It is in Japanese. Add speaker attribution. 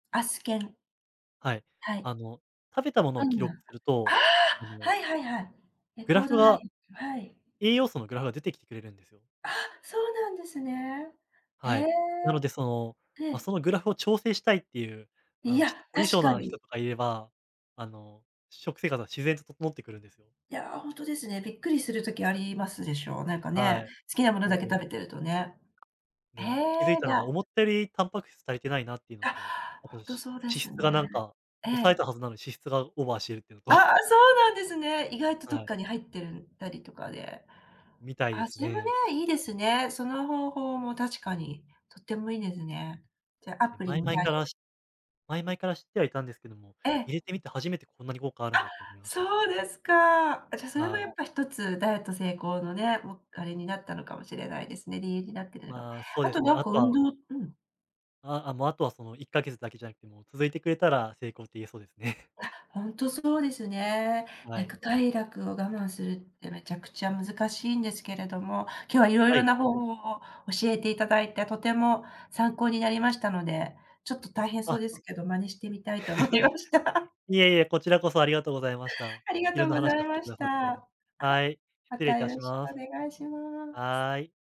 Speaker 1: あすけん。
Speaker 2: はい。
Speaker 1: はい。
Speaker 2: あの、食べたもの
Speaker 1: あ
Speaker 2: を記
Speaker 1: ん
Speaker 2: 録
Speaker 1: な、
Speaker 2: する
Speaker 1: あ
Speaker 2: と、あ
Speaker 1: あ、
Speaker 2: の
Speaker 1: はいはいはい。え、
Speaker 2: グ
Speaker 1: コ
Speaker 2: ラ
Speaker 1: ー
Speaker 2: フ
Speaker 1: ドラ
Speaker 2: は、
Speaker 1: イン、はい。
Speaker 2: 栄養素のグラフが出てきてくれるんですよ。
Speaker 1: あ、そうなんですね。へ
Speaker 2: はい。
Speaker 1: え。
Speaker 2: なので、その、ま、そ
Speaker 1: へ。
Speaker 2: のグラフを調整したいっていう、あ
Speaker 1: い
Speaker 2: の、ち
Speaker 1: や、
Speaker 2: ょっと、凝り
Speaker 1: 確
Speaker 2: 性
Speaker 1: か
Speaker 2: な人
Speaker 1: に。
Speaker 2: とかいれば、あの、食生活は自然と整ってくるんですよ。
Speaker 1: いや、ほんとですね、びっくりする時ありますでしょう。なんか
Speaker 2: は
Speaker 1: ね、
Speaker 2: い。
Speaker 1: 好きなものだけ
Speaker 2: もう。
Speaker 1: 食べてるとね。へ
Speaker 2: ね、あ、気づい
Speaker 1: え、
Speaker 2: た
Speaker 1: じ
Speaker 2: の
Speaker 1: ゃ
Speaker 2: が
Speaker 1: あ。
Speaker 2: 思ったより、タンパク質足りてないなって言うの
Speaker 1: あ、
Speaker 2: と、あ
Speaker 1: ほ
Speaker 2: と
Speaker 1: んと
Speaker 2: し
Speaker 1: そうで
Speaker 2: 脂
Speaker 1: す
Speaker 2: 質がな
Speaker 1: ね。
Speaker 2: んか、
Speaker 1: え
Speaker 2: 抑え
Speaker 1: え。
Speaker 2: たはずなのに、脂質がオーバーしているっていう
Speaker 1: あ
Speaker 2: のと。
Speaker 1: あ、そうなんですね。意外とど
Speaker 2: は
Speaker 1: っ
Speaker 2: い。
Speaker 1: かに入ってるたりとかで。
Speaker 2: みたいで
Speaker 1: あ
Speaker 2: す
Speaker 1: じむ
Speaker 2: ね。
Speaker 1: ね、いいですね。その方法も、確かに、とってもいいですね。じゃ、ア
Speaker 2: え、
Speaker 1: プリ
Speaker 2: 前
Speaker 1: に
Speaker 2: 々
Speaker 1: 頼
Speaker 2: から
Speaker 1: る。
Speaker 2: し前々から知ってはいたんですけども、
Speaker 1: ええ、
Speaker 2: 入れて
Speaker 1: う
Speaker 2: み
Speaker 1: ん。
Speaker 2: て初めて、こんなに効果あるんだ
Speaker 1: あ、
Speaker 2: って思いましたね。
Speaker 1: そうですか。じゃ、それも
Speaker 2: は
Speaker 1: や
Speaker 2: い。
Speaker 1: っぱ一つダイエット成功のね、も、あれになったのかもしれないですね。理由になってるのか。
Speaker 2: まあ、そう
Speaker 1: あ
Speaker 2: で
Speaker 1: と
Speaker 2: すね、
Speaker 1: なん
Speaker 2: あ
Speaker 1: か
Speaker 2: と
Speaker 1: 運
Speaker 2: は
Speaker 1: 動うん。
Speaker 2: あ、あ、もうあとは、その1ヶ月だけじゃなくても、続いてくれたら成功って言えそうですね。
Speaker 1: あ、ほんとそうですね。な
Speaker 2: は
Speaker 1: ん
Speaker 2: い。
Speaker 1: か快楽を我慢するって、めちゃくちゃ難しいんですけれども、今日は色
Speaker 2: は
Speaker 1: 々
Speaker 2: い。
Speaker 1: な方法を教えて頂いて、とても参考になりましたので、ちょっと大変そう
Speaker 2: あ。
Speaker 1: ですけど、真似してみたいと思いまし た。
Speaker 2: いえいえ、こちらこそありがとうございました。
Speaker 1: ありが
Speaker 2: 色
Speaker 1: とう
Speaker 2: んな
Speaker 1: ござ
Speaker 2: 話
Speaker 1: い
Speaker 2: をし
Speaker 1: ま
Speaker 2: て
Speaker 1: し
Speaker 2: 下
Speaker 1: た。
Speaker 2: さって。
Speaker 1: はい、
Speaker 2: はい、
Speaker 1: ま
Speaker 2: 失礼い
Speaker 1: たよ
Speaker 2: た
Speaker 1: ろ
Speaker 2: し
Speaker 1: しく
Speaker 2: ま
Speaker 1: お
Speaker 2: す。
Speaker 1: 願いします。
Speaker 2: はい。